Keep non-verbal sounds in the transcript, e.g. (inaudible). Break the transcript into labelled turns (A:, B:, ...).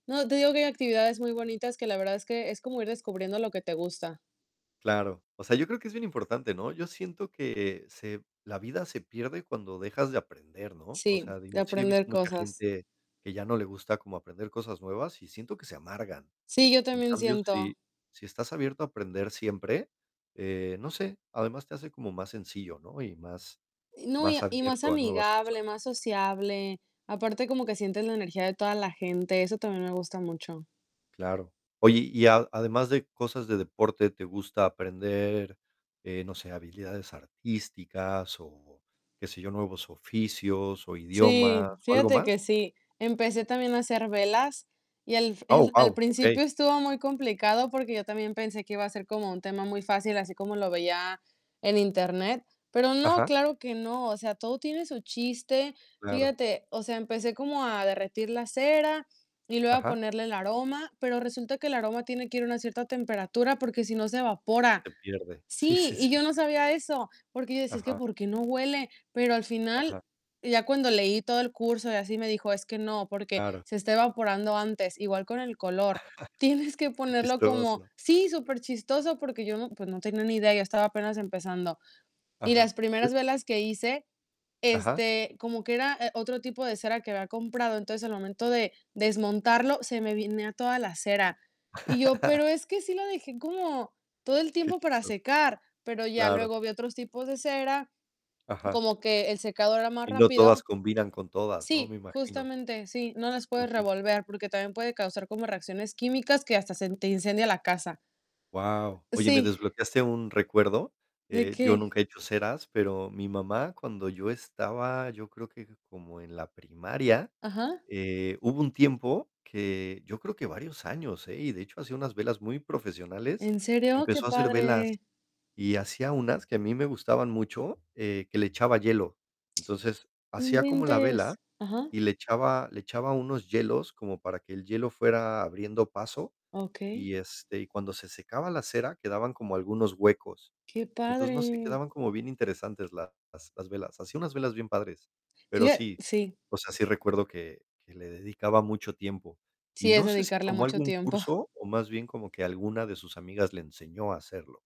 A: No, te digo que hay actividades muy bonitas, que la verdad, es que es, como ir descubriendo lo que te gusta.
B: Claro. O sea, yo creo, que es bien importante, ¿no? Yo siento, que se la vida se pierde, cuando dejas de aprender, ¿no? O
A: Sí,
B: sea,
A: de
B: digo, sí he visto
A: aprender
B: mucha
A: cosas.
B: gente, que ya no le gusta como aprender cosas nuevas, y siento, que se amargan.
A: Sí, yo
B: En
A: también,
B: cambio,
A: siento.
B: si si estás abierto a aprender siempre, eh, no sé, además, te hace como más sencillo, ¿no? Y más
A: No, y
B: más
A: y más
B: abierto a nuevas cosas.
A: amigable, más sociable. Aparte, como que sientes la energía, de toda la gente. Eso también, me gusta mucho.
B: Claro. Oye, y a además, de cosas de deporte, ¿te gusta aprender, eh, no sé, habilidades artísticas, o qué sé yo, nuevos oficios, o
A: Sí,
B: idiomas, o algo
A: fíjate
B: más?
A: que sí. Empecé también, a hacer velas, y al
B: Oh,
A: el al
B: guau, okey.
A: principio, estuvo muy complicado, porque yo también, pensé que iba a ser como un tema muy fácil, así como lo veía en Internet. Pero no,
B: Ajá.
A: claro que no. O sea, todo tiene su chiste.
B: Claro.
A: Fíjate. O sea, empecé como a derretir la cera, y luego a
B: Ajá.
A: ponerle el aroma, pero resulta, que el aroma tiene que ir a una cierta temperatura, porque si no, se evapora.
B: Se pierde. Sí,
A: Sí,
B: sí,
A: y
B: sí.
A: yo no sabía eso, porque yo decía: "Es que,
B: Ajá.
A: ¿por qué no huele?". Pero al final,
B: Ajá.
A: ya cuando leí todo el curso, y así, me dijo: "Es que no, porque
B: Claro.
A: se está evaporando antes". Igual con el color, tienes
B: (laughs)
A: que
B: Qué
A: ponerlo como
B: chistoso.
A: Sí, súper chistoso, porque yo no pues, no tenía ni idea, yo estaba apenas empezando. Y
B: Ajá.
A: las primeras velas que hice,
B: Ajá.
A: este, como que era, eh, otro tipo de cera, que había comprado. Entonces, al momento de desmontarlo, se me venía a toda la cera. Y yo: "Pero
B: (laughs)
A: es que sí la dejé, como todo el
B: Qué
A: tiempo para
B: chistoso.
A: secar". Pero ya
B: Claro.
A: luego, vi otros tipos de cera,
B: Ajá.
A: como que el secado era más
B: Y no todas,
A: rápido.
B: combinan con todas, ¿no? Me
A: Sí,
B: imagino.
A: justamente, sí. No las puedes
B: Ujú.
A: revolver, porque también, puede causar como reacciones químicas, que hasta se te incendia la casa.
B: Guau. Oye, me
A: Sí.
B: desbloqueaste un recuerdo.
A: ¿De
B: Eh, yo
A: qué?
B: nunca he hecho ceras, pero mi mamá, cuando yo estaba, yo creo, que como en la primaria,
A: Ajá.
B: eh, hubo un tiempo, que yo creo, que varios años, ¿eh? Y de hecho, hacía unas velas muy profesionales.
A: ¿En serio? Qué
B: Empezó a hacer velas.
A: padre.
B: Y hacía unas, que a mí me gustaban mucho, eh, que le echaba hielo. Entonces,
A: No
B: hacía como la vela,
A: inventes. Ajá.
B: y le echaba le echaba unos hielos, como para que el hielo fuera abriendo paso,
A: Okey.
B: y este, y cuando se secaba la cera, quedaban como algunos huecos.
A: Qué
B: Entonces, no sé,
A: padre.
B: quedaban como bien interesantes las las, las velas. Hacía unas velas bien padres. Pero
A: Fíja
B: sí,
A: Sí.
B: o sea, sí recuerdo, que que le dedicaba mucho tiempo. Y
A: Sí, es
B: no sé, si
A: dedicarle
B: tomó
A: mucho
B: algún
A: tiempo.
B: curso, o más bien, como que alguna de sus amigas, le enseñó a hacerlo.